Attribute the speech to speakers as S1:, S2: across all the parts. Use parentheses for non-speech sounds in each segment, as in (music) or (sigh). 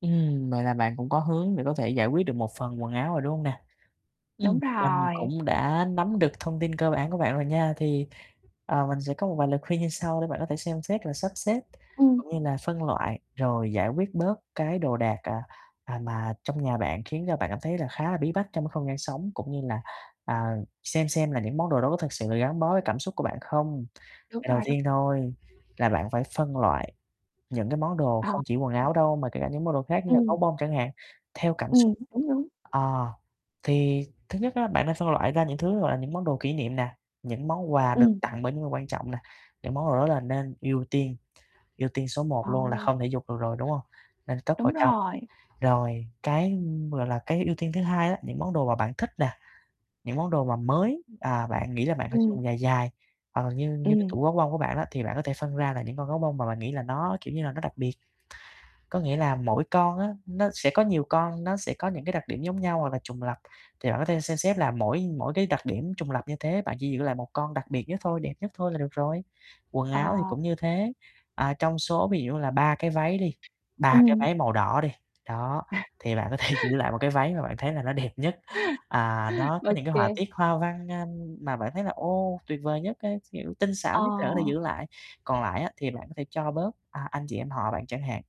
S1: Ừm, vậy là bạn cũng có hướng để có thể giải quyết được một phần quần áo rồi, đúng hông nè?
S2: Đúng
S1: Ừm, mình
S2: rồi.
S1: cũng đã nắm được thông tin cơ bản của bạn rồi nha. Thì, ờ, mình sẽ có một vài lời khuyên như sau, để bạn có thể xem xét là sắp xếp
S2: Ừm.
S1: cũng như là phân loại. Rồi giải quyết bớt cái đồ đạc, à, à, mà trong nhà bạn khiến cho bạn cảm thấy là khá là bí bách trong cái không gian sống, cũng như là, à, xem xem là những món đồ đó có thực sự là gắn bó với cảm xúc của bạn không?
S2: Đúng
S1: À, đầu
S2: rồi, đúng.
S1: tiên thôi là bạn phải phân loại những cái món đồ
S2: À,
S1: không chỉ quần
S2: ừm.
S1: áo đâu, mà kể cả những món đồ khác như là
S2: Ừm.
S1: gấu bông chẳng hạn, theo cảm xúc.
S2: Ừm, đúng, đúng.
S1: Ờ, thì thứ nhất á, bạn nên phân loại ra những thứ, gọi là, những món đồ kỷ niệm nè, những món quà được
S2: Ừm.
S1: tặng bởi những người quan trọng nè. Những món đồ đó là nên ưu tiên, ưu tiên số 1
S2: Ờ,
S1: luôn là
S2: ờ.
S1: không thể vụt được rồi, đúng hông? Nên cất vào
S2: Đúng
S1: trong.
S2: rồi.
S1: Rồi cái, ừm, gọi là, cái ưu tiên thứ hai á, những món đồ mà bạn thích nè, những món đồ mà mới, à, bạn nghĩ là bạn phải sử
S2: Ừm.
S1: dụng dài dài, hoặc là như như cái
S2: Ừm.
S1: tủ gấu bông của bạn á, thì bạn có thể phân ra là những con gấu bông mà bạn nghĩ là nó, kiểu như là, nó đặc biệt. Có nghĩa là mỗi con á nó sẽ có nhiều con, nó sẽ có những cái đặc điểm giống nhau, hoặc là trùng lặp, thì bạn có thể xem xét là mỗi mỗi cái đặc điểm trùng lặp như thế, bạn chỉ giữ lại 1 con đặc biệt nhất thôi, đẹp nhất thôi là được rồi. Quần áo thì
S2: Ờ.
S1: cũng như thế, à, trong số ví dụ như là 3 cái váy đi, 3 cái
S2: Ừm.
S1: váy màu đỏ đi. Đó,
S2: À.
S1: thì bạn có thể giữ lại 1 cái váy mà bạn thấy là nó đẹp nhất, à, nó
S2: Ô
S1: có những cái họa
S2: kê.
S1: tiết hoa văn, a, mà bạn thấy là ô tuyệt vời nhất á, kiểu, tinh xảo nhất để có thể
S2: Ờ.
S1: giữ lại. Còn lại á, thì bạn có thể cho bớt, à, anh chị em họ bạn chẳng hạn,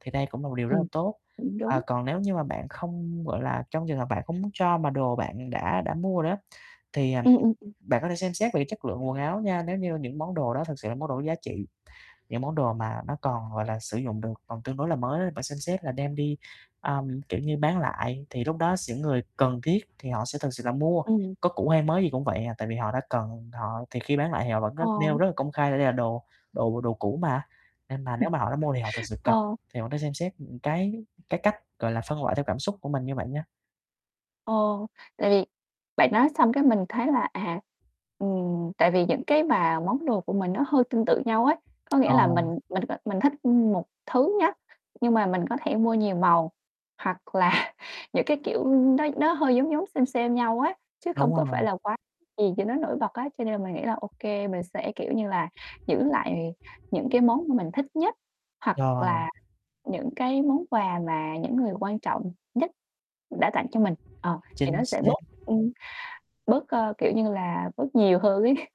S1: thì đây cũng là một điều rất là
S2: Ừm,
S1: tốt.
S2: cũng
S1: À,
S2: đúng.
S1: còn nếu như mà bạn không, gọi là, trong trường hợp bạn không muốn cho mà đồ bạn đã đã mua rồi á, thì, à, ừm,
S2: Ừm, ừm, ừm.
S1: bạn có thể xem xét về cái chất lượng quần áo nha. Nếu như những món đồ đó thực sự là món đồ có giá trị, những món đồ mà nó còn, gọi là, sử dụng được, còn tương đối là mới á, bạn xem xét là đem đi, ờm, kiểu như, bán lại. Thì lúc đó s những người cần thiết thì họ sẽ thực sự là mua,
S2: Ừm.
S1: có cũ hay mới gì cũng vậy à, tại vì họ đã cần họ thì khi bán lại thì họ vẫn rất nêu
S2: Ờ.
S1: rất là công khai là đây là đồ đồ đồ cũ mà, nên mà
S2: Ừm.
S1: nếu mà họ đã mua thì họ thực sự cần.
S2: Ờ.
S1: Thì bạn nên xem xét, ừm, cái cái cách, gọi là, phân loại theo cảm xúc của mình như vậy nha.
S2: Ờ, tại vì bạn nói xong cái mình thấy là, à, ừm, tại vì những cái mà món đồ của mình nó hơi tương tự nhau ấy. Có nghĩa
S1: Ờ.
S2: là mình mình, ờ, mình thích một thứ nhá, nhưng mà mình có thể mua nhiều màu, hoặc là những cái, kiểu, ừm, nó nó hơi giống giống xêm xêm nhau á, chứ không
S1: Đúng
S2: có phải
S1: rồi.
S2: là quá gì cho nó nổi bật á. Cho nên là mình nghĩ là ô kê, mình sẽ, kiểu như là, giữ lại những cái món mà mình thích nhất, hoặc
S1: Rồi.
S2: là những cái món quà mà những người quan trọng nhất đã tặng cho mình. Ờ, thì
S1: Chính
S2: nó sẽ
S1: xác.
S2: bớt, ừm, bớt, ơ, kiểu như là, bớt nhiều hơn ấy. (chuckles)